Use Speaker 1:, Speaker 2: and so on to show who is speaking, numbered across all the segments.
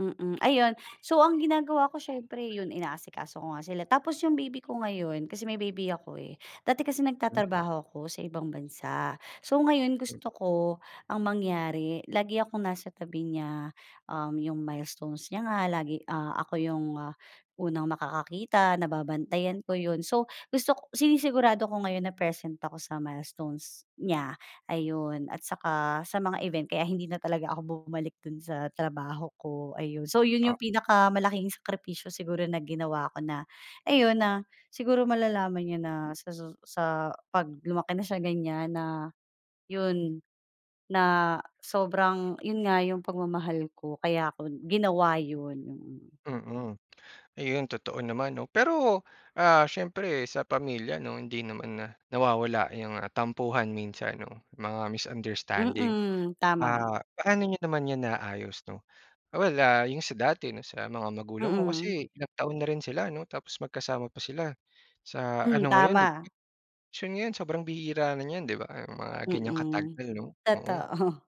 Speaker 1: Mm, ayun so ang ginagawa ko siyempre yun inaasikaso ko nga sila tapos yung baby ko ngayon kasi may baby ako eh. Dati kasi
Speaker 2: Hmm.
Speaker 1: nagtatrabaho ako sa ibang bansa. So ngayon,
Speaker 2: Hmm.
Speaker 1: gusto ko ang mangyari, lagi akong nasa tabi niya. Um, yung milestones niya nga lagi, ah, ako yung unang makakakita, nababantayan ko yun. So, gusto k sinisigurado ko ngayon na present ako sa milestones niya, ayun at saka sa mga event kaya hindi na talaga ako bumalik dun sa trabaho ko. Ayun, so yun yung
Speaker 2: Ah.
Speaker 1: pinakamalaking sakripisyo siguro na ginawa ko na ayun, na siguro malalaman niya na sa susu sa pag lumaki na siya ganyan na yun, na sobrang yun nga yung pagmamahal ko. Kaya ko ginawa yun, mm.
Speaker 2: Mm, ayun totoo naman 'no, pero, ah, siyempre sa pamilya 'no hindi naman nawawala yung tampuhan minsan 'no, mga misunderstanding.
Speaker 1: Mm, tama.
Speaker 2: Ah, paano niyo naman yan naayos 'no. Well, ah, yung sa dati 'no sa mga magulang mo
Speaker 1: Mm.
Speaker 2: kasi ilang taon na rin sila 'no tapos magkasama pa sila sa
Speaker 1: Hmm,
Speaker 2: ano ngayon dip
Speaker 1: tama.
Speaker 2: [unintelligible] so, ngayon sobrang bihira na niyan 'di ba mga ganyang
Speaker 1: Mm,
Speaker 2: katagal 'no, oo.
Speaker 1: totoo.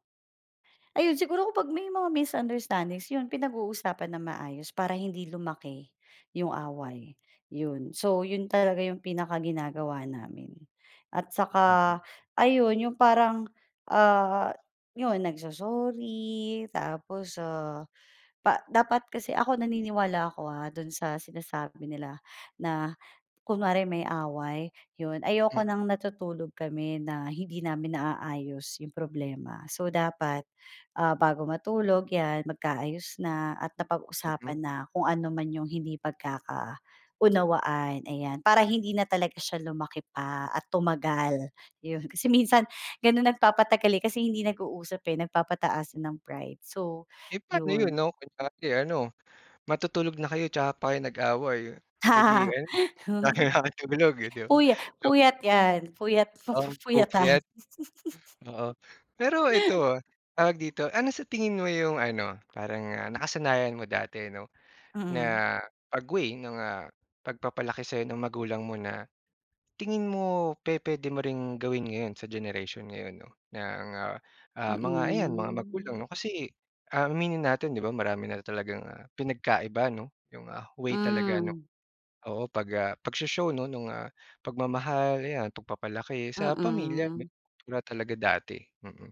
Speaker 1: Ayun, siguro ko pag may mga misunderstandings yun pinag-uusapan ng maayos para hindi lumaki yung away, yun. So yun talaga yung pinakaginagawa namin at saka
Speaker 2: Mhm.
Speaker 1: ayun yung parang, ah, yun nagso-sorry, tapos, ah, dapat kasi ako naniniwala ako, ah, dun sa sinasabi nila na kunwari may away yun, ayoko
Speaker 2: Hmm.
Speaker 1: ng natutulog kami na hindi namin naaayos yung problema, so dapat, ah, bago matulog yan magkaayos na at napag-usapan
Speaker 2: Mhm.
Speaker 1: na kung anuman yung hindi pagkakaunawaan, ayan. Para hindi na talaga siya lumaki pa at tumagal, yun kasi minsan ganun nagpapatagal, eh, kasi hindi nag-uusap, eh, nagpapataasan ng pride. So
Speaker 2: Eh, paano yun
Speaker 1: yun.
Speaker 2: 'no, kunyari ano matutulog na kayo tsaka pa kayo nag-away, eh, di ayun, na kailangang [unintelligible] di ba?
Speaker 1: Puya
Speaker 2: Joke.
Speaker 1: puyat yan, fuyat fu
Speaker 2: Um,
Speaker 1: fuyatan.
Speaker 2: pupuyat. Oo, pero eto, ah, tawag dito, ano sa tingin mo yung ano, parang nakasanayan mo dati 'no
Speaker 1: Mm.
Speaker 2: na pag-way ng, ah, pagpapalaki sa'yo ng magulang mo na tingin mo pe-pwede mo ring gawin ngayon sa generation ngayon 'no ng nga, ah, mga ayan mga magulang
Speaker 1: Mm.
Speaker 2: 'no. Kasi, ah, aminin natin 'di ba marami na talagang pinagkaiba 'no yung, ah, way talaga 'no.
Speaker 1: Hmm.
Speaker 2: Oo, pag, ah, pagsho-show nung, ah, pagmamahal, ayan pagpapalaki sa pamilya
Speaker 1: Mm.
Speaker 2: talaga dati, mm.